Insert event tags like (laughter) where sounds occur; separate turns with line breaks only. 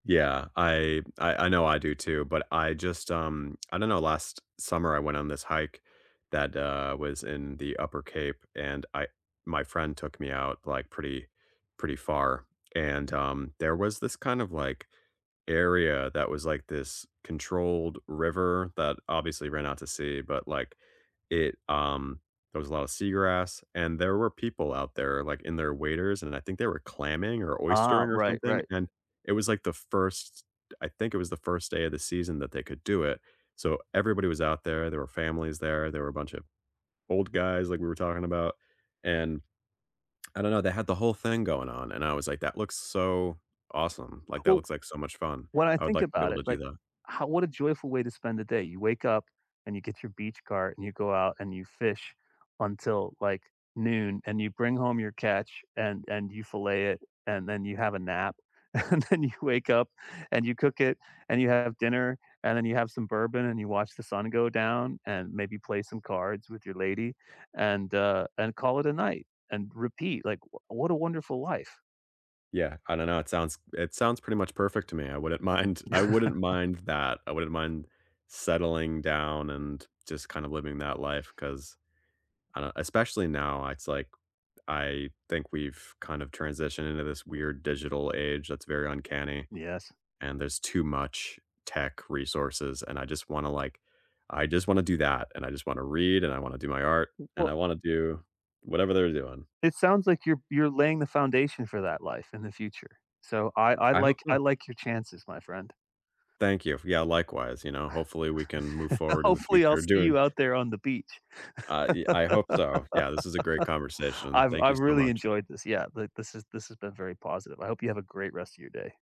Yeah. I I I know I do too, but I just, um (tsk) I don't know. Last summer, I went on this hike that, uh, was in the Upper Cape, and I my friend took me out, like, pretty, pretty far, and, um, there was this kind of, like, area that was, like, this controlled river that obviously ran out to sea, but, like, it, um, there was a lotta seagrass, and there were people out there, like, in their waiters, and I think they were clamming or
Uh-huh.
oystering or
Right,
something,
right.
and it was, like, the first I think it was the first day of the season that they could do it, so everybody was out there. There were families there, there were a bunch of old guys, like, we were talking about. And (tsk) I don't know, they had the whole thing going on, and I was, like, "That looks so awesome. Like, that
Well
looks like so much fun.
when I
I would
think
like to be
about
able
it,
to do
like,
that."
how what a joyful way to spend the day. You wake up, and you get your beach cart and you go out and you fish until, like, noon, and you bring home your catch and and you fillet it and then you have a nap, and then you wake up, and you cook it, and you have dinner, and then you have some bourbon, and you watch the sun go down, and maybe play some cards with your lady, and, uh, and call it a night, and repeat. Like, w what a wonderful life.
Yeah. I don't know, it sounds it sounds pretty much perfect to me. I wouldn't mind I wouldn't
(chuckles)
mind that. I wouldn't mind settling down and just kind of living that life 'cause, I don't Especially now, it's like, I think we've kind of transitioned into this weird digital age that's very uncanny,
Yes.
and there's too much tech resources, and I just wanna, like I just wanna do that, and I just wanna read, and I wanna do my art,
Mm,
and
well
I wanna do whatever they're doing.
It sounds, like, you're you're laying the foundation for that life in the future. So I I
I hope
like I
so.
like your chances, my friend.
Thank you. Yeah, likewise. You know, hopefully, we can move forward in the
Hopefully, I'll
future
see
doing
you out there on the beach.
I yea I hope so. Yeah, this is a great
(laughs)
conversation.
I've
Thank you
I've
so
really
much.
enjoyed this. Yeah. Like, this has this has been very positive. I hope you have a great rest of your day.